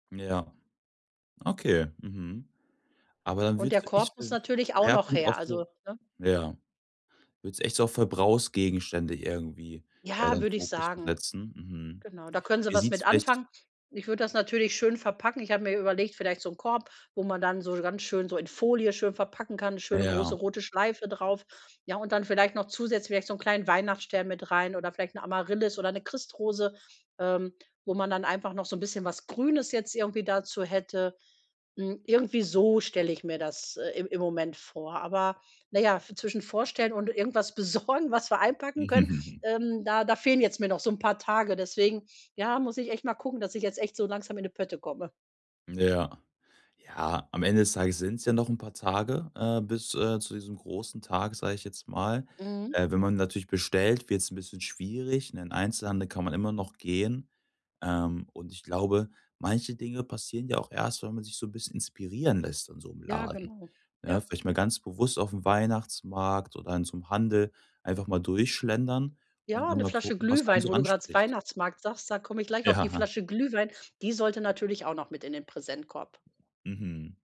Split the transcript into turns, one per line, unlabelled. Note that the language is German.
Ja. Okay. Mhm. Aber dann
Und der
würdest du
Korb
echt
muss
den
natürlich auch noch
Schwerpunkt
her,
auch
also,
so
ne?
ja. Würdest du echt so auf Verbrauchsgegenstände irgendwie, äh,
Ja,
deinen
würde ich
Fokus so
sagen.
setzen. Mhm.
Genau, da können sie
Wie
was
sieht's
mit
vielleicht
anfangen. Ich würde das natürlich schön verpacken. Ich habe mir überlegt, vielleicht so 'n Korb, wo man dann so ganz schön so in Folie schön verpacken kann, 'ne schöne,
Ja.
große, rote Schleife drauf. Ja, und dann vielleicht noch zusätzlich vielleicht so 'n kleinen Weihnachtsstern mit rein oder vielleicht 'ne Amaryllis oder 'ne Christrose, ähm, wo man dann einfach noch so 'n bisschen was Grünes jetzt irgendwie dazu hätte. Hm, irgendwie so stelle ich mir das, äh, im im Moment vor. Aber, na ja, v zwischen vorstellen und irgendwas besorgen, was wir einpacken können, ähm, da da fehlen jetzt mir noch so 'n paar Tage. Deswegen, ja, muss ich echt mal gucken, dass ich jetzt echt so langsam in die Pötte komme.
Ja. Ja, am Ende des Tages sind's ja noch 'n paar Tage, äh, bis, äh, zu diesem großen Tag, sag ich jetzt mal.
Mhm.
Äh, wenn man natürlich bestellt, wird's 'n bisschen schwierig. 'N in Einzelhandel kann man immer noch gehen. Ähm, und ich glaube, manche Dinge passieren ja auch erst, wenn man sich so 'n bisschen inspirieren lässt in so 'nem
Ja,
Laden,
genau.
ne?
Ja.
Vielleicht mal ganz bewusst aufm Weihnachtsmarkt oder in so 'nem Handel einfach mal durchschlendern und
Ja,
dann
'ne
mal
Flasche
gucken, was einen
Glühwein,
so
wo du grad s
anspricht.
Weihnachtsmarkt sagst, da komme ich gleich auf die
Ja.
Flasche Glühwein, die sollte natürlich auch noch mit in den Präsentkorb.
Mhm.